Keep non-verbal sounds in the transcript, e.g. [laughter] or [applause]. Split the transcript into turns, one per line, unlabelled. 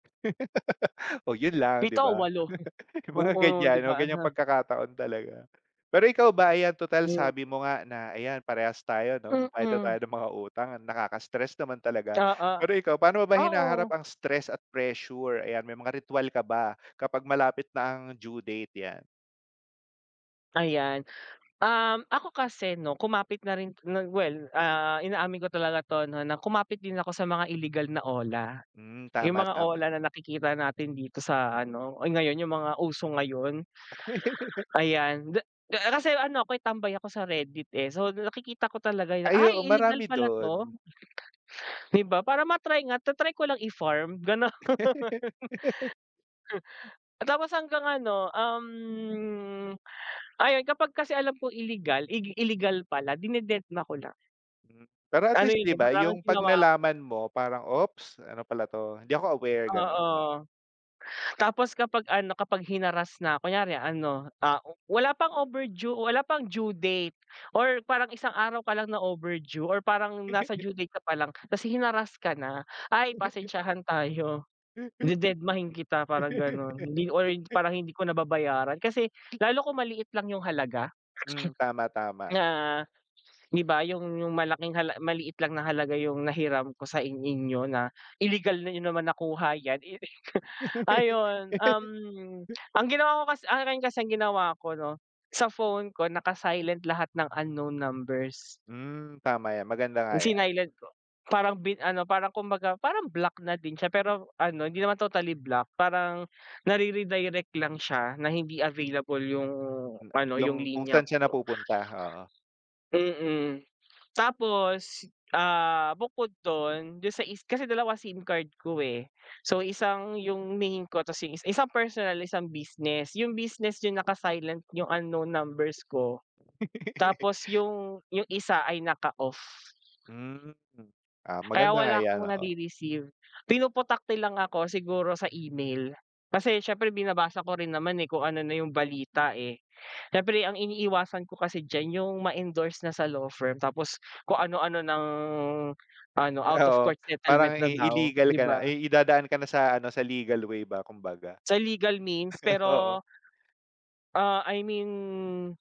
[laughs] Oh, 'yon lang, 'di
7 o
ba?
8? Hmm,
[laughs] Yung mga
oo, 'di
ganyan, may
ba,
ganyang
ana
pagkakataon talaga. Pero, ikaw ba, ayan, total
Giw
sabi mo nga, na ayan, parehas tayo 'no, bayad na tayo
Mm.
ng mga utang. Ang nakaka-stress naman talaga.
Ta
Pero ikaw, paano mo ba
ah,
hinaharap
oo.
ang stress at pressure? Ayan, may mga ritwal ka ba, kapag malapit na ang due date, yan?
Ayan. Um, ako kasi, 'no, kumapit na rin, nag well, ah, inaamin ko talaga to, 'no, na kumapit din ako sa mga illegal na OLA.
Hmm,
Yung
tama,
mga
tama.
OLA na nakikita natin dito sa ano, uy! Ngayon yung mga uso ngayon.
[laughs]
Ayan, de ke ah, kasi ano ako'y tambay ako sa Reddit, eh. So, nakikita ko talaga 'yong,
Ay, oo,
"Ay illegal
marami
pala 'to,"
do'n.
'di ba? Para ma-try nga ta-try ko lang, i-formed gano'n,
[laughs]
[chuckles] oh, tapos hanggang ano, um, ayun, kapag kasi alam kong ilegal, igil ilegal pala, dinededma ko na.
Hmm. Pero, at
Ano
least,
'yon,
'di
'yon,
ba,
parang yung
yung, 'pag
ginawa ko.
nalaman mo parang, "Oops, ano pala 'to. Hindi ako aware, gano'n". Oo.
Oo, tapos, kapag ano, kapag hinarass nako, kunyari ano, ah, oh, wala pang overdue, wala pang due date or parang isang araw ka lang na overdue, or parang nasa
[laughs]
due date ka pa lang, tas hinarass ka na. Ay,
[laughs]
pasensyahan tayo, dededmahin kita parang gano'n, hindi or
[laughs]
parang hindi ko na babayaran. Kasi lalo kung maliit lang yung halaga.
Hmm, tama, tama.
Na, 'di ba, yung yung malaking hala maliit lang na halaga yung nahiram ko sa in inyo na, ilegal niyo naman nakuha yan, eh, [chuckles] ayun, um,
[laughs]
ang ginawa ko kas akin kasi, ang ginawa ko, 'no, sa phone ko naka-silent lahat ng unknown numbers.
Hmm, tama yan. Maganda nga
Hmm,
yan.
sinilent ko, parang bin ano parang kumbaga parang block na din siya. Pero ano, hindi naman totally block, parang nar-eredirect lang siya na hindi available yung
Hmm,
ano,
yung
yung
kung
linya
saan siya
ko.
napupunta, oo.
Mm, tapos, ah, bukod do'n, do'n sa is kasi 2 sim card ko, eh. So, isang yung main ko, tas yung is isang personal isang business. Yung business yung naka-silent yung unknown numbers ko. Tapos
[laughs]
yung yung isa ay naka-off.
Hmm, ah,
Kaya
maganda nga
wala
yan.
akong
Oo.
nare-receive, pinoputakti lang ako siguro sa email. Kasi siyempre binabasa ko rin naman, eh, kung ano na yung balita, eh. Siyempre ang iniiwasan ko kasi diyan, yung ma-endorse na sa law firm, tapos kung anu-ano nang, ano, out of
Oo.
court
Parang
settlement na
i
daw,
illegal
'di
ka na.
ba?
Ay, idadaan ka na sa ano, sa legal way ba, kumbaga.
Sa legal means,
[chuckles] Oo.
pero ah, I mean